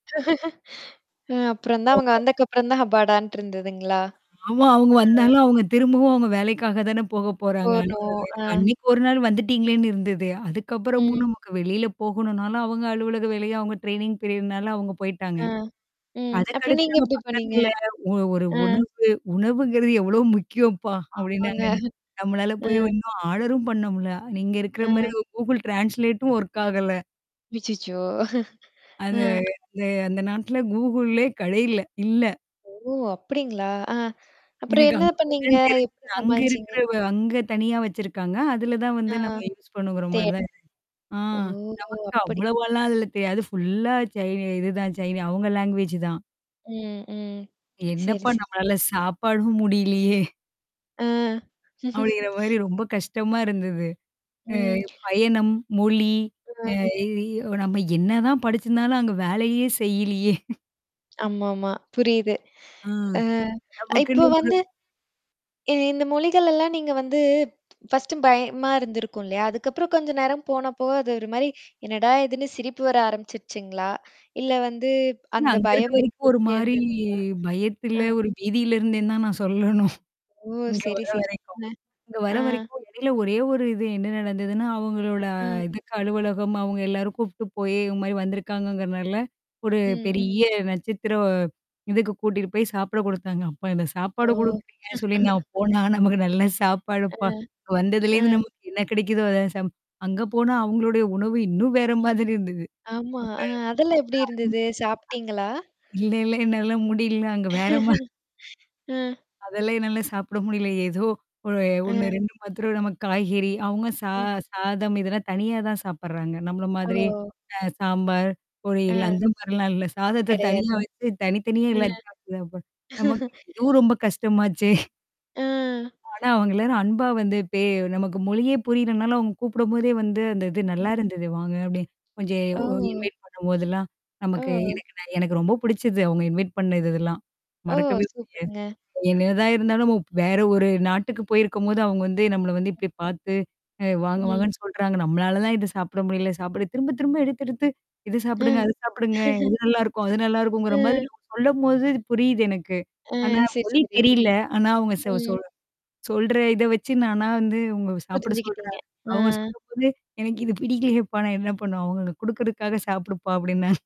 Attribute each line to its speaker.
Speaker 1: அ அப்புறம் தான் அவங்க
Speaker 2: [unintelligible]
Speaker 1: வந்ததுக்கப்புறம் தான் அப்பாடான்ட்டு இருந்ததுங்களா?
Speaker 2: ஆமா. அவங்க
Speaker 1: ஆ.
Speaker 2: வந்தாலும், அவங்க திரும்பவும் அவங்க வேலைக்காக தானே போக
Speaker 1: ஓ.
Speaker 2: போறாங்க அன
Speaker 1: நோ! அ.
Speaker 2: அன்னைக்கு ஒரு நாள் வந்துட்டீங்களேன்னு இருந்தது. அதுக்கப்புறமும்
Speaker 1: ம்.
Speaker 2: நமக்கு வெளியில போகணும்னால அவங்க அலுவலக வேலைய அவங்க ட்ரெயனிங் பீரியட்னால அவங்க போய்ட்டாங்க.
Speaker 1: ஆ. ம். அப்புறம்
Speaker 2: அதக்கடுத்து
Speaker 1: நீங்க
Speaker 2: நம்ம
Speaker 1: எப்படி பண்ணீங்க?
Speaker 2: பக்கத்துல ஒ ஒரு
Speaker 1: அ.
Speaker 2: உணவு, உணவுங்கிறது எவ்ளோ முக்கியம்ப்பா!
Speaker 1: ஆமாங்க.
Speaker 2: அப்ப்டின்னாங்கன்ன. நம்மளால
Speaker 1: அ.
Speaker 2: போய் இன்னும் ஆர்டரும் பண்ண முல்ல. நீங்க இருக்கிற
Speaker 1: ஆ.
Speaker 2: மாரி கூகுள் ட்ரான்ஸ்லேட்டும் ஒர்க் ஆகல.
Speaker 1: அச்சச்சோ! அ.
Speaker 2: அது அந்த நாட்ல கூகுள்ளே கடையல. இல்ல.
Speaker 1: ஓ! அப்படிங்களா? ஆ? அப்புறம்
Speaker 2: எனக்கு
Speaker 1: என்ன
Speaker 2: அங்க போய
Speaker 1: பண்ணீங்க?
Speaker 2: தான் தெரிஞ்சது
Speaker 1: எப்படி
Speaker 2: அங்க
Speaker 1: சமாளிச்சீங்க?
Speaker 2: இருக்கிறவ அங்க தனியா வச்சிருக்காங்க. அதுல தான்
Speaker 1: ஆ.
Speaker 2: வந்து நம்ம யூஸ் பண்ணுங்கிற மாரி
Speaker 1: தேட
Speaker 2: தான் இரு ஆ
Speaker 1: ஓ!
Speaker 2: நமக்கு
Speaker 1: அப்படி!
Speaker 2: அவ்வளவாலாம் அதுல தெரியாது. ஃபுல்லா சைனி இதுதான் சைனி அவவுங்க லாங்குவேஜ் தான்.
Speaker 1: ம், ம். சரி,
Speaker 2: என்னப்பா
Speaker 1: சரிங்க.
Speaker 2: நம்மளால சாப்பாடும் முடியலையே!
Speaker 1: அ.
Speaker 2: அப்படிங்கிற மாரி ரொம்ப கஷ்டமா இருந்தது.
Speaker 1: ம்.
Speaker 2: அ பயணம், மொழி.
Speaker 1: ஆ.
Speaker 2: அ இ நம்ம என்னதான் படிச்சிருந்தாலும் அங்க வேலையே செய்யலியே.
Speaker 1: ஆமாமா. புரியுது.
Speaker 2: ஆ.
Speaker 1: அ
Speaker 2: நமக்குன்னு
Speaker 1: இப்ப
Speaker 2: ஒரு
Speaker 1: வந்து இ இந்த மொழிகள் எல்லாம் நீங்க வந்து ஃபர்ஸ்ட்டு பயமா இருந்திருக்கும் இல்லையா? அதுக்கப்புறம் கொஞ்சம் நேரம் போனப்போ அது ஒரு மாரி என்னடா இதுன்னு சிரிப்பு வர ஆரம்பிச்சுடுச்சுங்களா? இல்ல வந்து அந்த
Speaker 2: அங்க இருக்க
Speaker 1: பயம்
Speaker 2: வரைக்கும் ஒரு
Speaker 1: இருந்துட்டே
Speaker 2: மாரி
Speaker 1: இருந்துங்களா?
Speaker 2: பயத்துல,
Speaker 1: ஆ.
Speaker 2: ஒரு பீதியில இருந்தே தான் நான் சொல்லணும்.
Speaker 1: ஓ!
Speaker 2: இங்க
Speaker 1: சரி,
Speaker 2: வர
Speaker 1: சரி.
Speaker 2: வரைக்கும்.
Speaker 1: அ.
Speaker 2: இங்க வர
Speaker 1: ஆ.
Speaker 2: வரைக்கும் இடையில ஒரே ஒரு இது என்ன நடந்ததுன்னா, அவங்களோட
Speaker 1: ம்.
Speaker 2: இதுக்கு அலுவலகம், அவங்க எல்லாரும் கூப்ட்டு போய் இவ மாரி வந்திருக்காங்கங்கிறனால. ஒரு
Speaker 1: ம், ம்.
Speaker 2: பெரிய நட்சத்திரம். இதுக்கு கூட்டிட்டு போய் சாப்பிட குடுத்தாங்க. அப்பா இந்த
Speaker 1: ஓ!
Speaker 2: சாப்பாடு குடுக்குறீங்கன்னு சொல்லி நான் போனா நமக்கு நல்ல
Speaker 1: அ.
Speaker 2: சாப்பாடுப்பா வந்ததுலேருந்து
Speaker 1: அ.
Speaker 2: நமக்கு என்ன கிடைக்குதோ அத ச அங்க போனா அவங்களுடைய உணவு இன்னும் வேற மாதிரி இருந்தது.
Speaker 1: ஆமா.
Speaker 2: அ.
Speaker 1: அ அதெல்லாம் எப்படி இருந்தது? சாப்பி்டீங்களா?
Speaker 2: இல்ல இல்ல என்னால முடியல அங்க வேறம
Speaker 1: அ.
Speaker 2: அதெல்லாம் என்னால சாப்பிட முடியல. ஏதோ ஒ ஒண்ணு,
Speaker 1: அ.
Speaker 2: ரெண்டு மாத்திரம் நமக்கு காய்கறி, அவங்க சா
Speaker 1: ம்.
Speaker 2: சாதம் இதெல்லாம் தனியா தான் சாப்படுறாங்க. நம்மள மாதிரிய.
Speaker 1: ஓ.
Speaker 2: அ சாம்பார்.
Speaker 1: ஆ.
Speaker 2: பொறியல். அந்த மாரிலாம் இல்ல. சாதத்த தனியா
Speaker 1: கிடையாது.
Speaker 2: வச்சு தனி தனியா
Speaker 1: அ.
Speaker 2: எல்லாத்தையும் சதாப்ப. நமக்கு இதுவும் ரொம்ப கஷ்டமாச்சே.
Speaker 1: அ.
Speaker 2: ஆனா, அவங்கல்லாரும் அன்பா வந்து இப்பே நமக்கு மொழியே புரியறனால அவங்க கூப்பிடும்போதே வந்து அந்த இது நல்லா இருந்தது வாங்க அப்ப்டின்னு. கொஞ்சம்
Speaker 1: ஓ!
Speaker 2: இன்வைட் பண்ணும்போதெல்லாம். நமக்கு
Speaker 1: ஓ.
Speaker 2: எனக்கு ந எனக்கு ரொம்ப பிடிச்சது அவவுங்க இன்வைட் பண்ண இது இதெல்லாம்.
Speaker 1: ஓ!
Speaker 2: மறக்கவே முடியாது.
Speaker 1: சூப்பருங்க.
Speaker 2: என்னதா இருந்தாலும் நம வேற ஒரு நாட்டுக்கு போயிருக்கும்போது அவங்க வந்து நம்மள வந்து இப்டி பார்த்து, வாங்க
Speaker 1: ம்.
Speaker 2: வாங்கன்னு சொல்றாங்க. நம்மளால தான் இத சாப்பிட முடியல சாப்படு திரும்ப, திரும்ப எடுத்து, எடுத்து இத சாப்பிடுங்க,
Speaker 1: ம்.
Speaker 2: அத சாப்பிடுங்க. இது நல்லாயிருக்கும். அது நல்லாிருக்குங்கிற மாதிரி
Speaker 1: அ.
Speaker 2: சொல்லும்போது இது புரியுது எனக்கு.
Speaker 1: ஆ
Speaker 2: ஆனா
Speaker 1: சரி,
Speaker 2: மொழி
Speaker 1: சரி.
Speaker 2: தெரியல. ஆனா அவங்க ச
Speaker 1: ம்.
Speaker 2: சொல் சொல்ற. இத வச்சு நானா வந்து உங்க சாப்பிட
Speaker 1: புரிஞ்சுகிட்டீங்க.
Speaker 2: சொல்றேன். அவங்க
Speaker 1: ஆ.
Speaker 2: சாப்பிடும் போது அ, எனக்கு இந்த பிடிக்கிலேப்பா நான் என்ன பண்ணுவ அவங்க குடுக்கறதுக்காக சாப்பிடுப்பா" அப்ப்டின்னான்.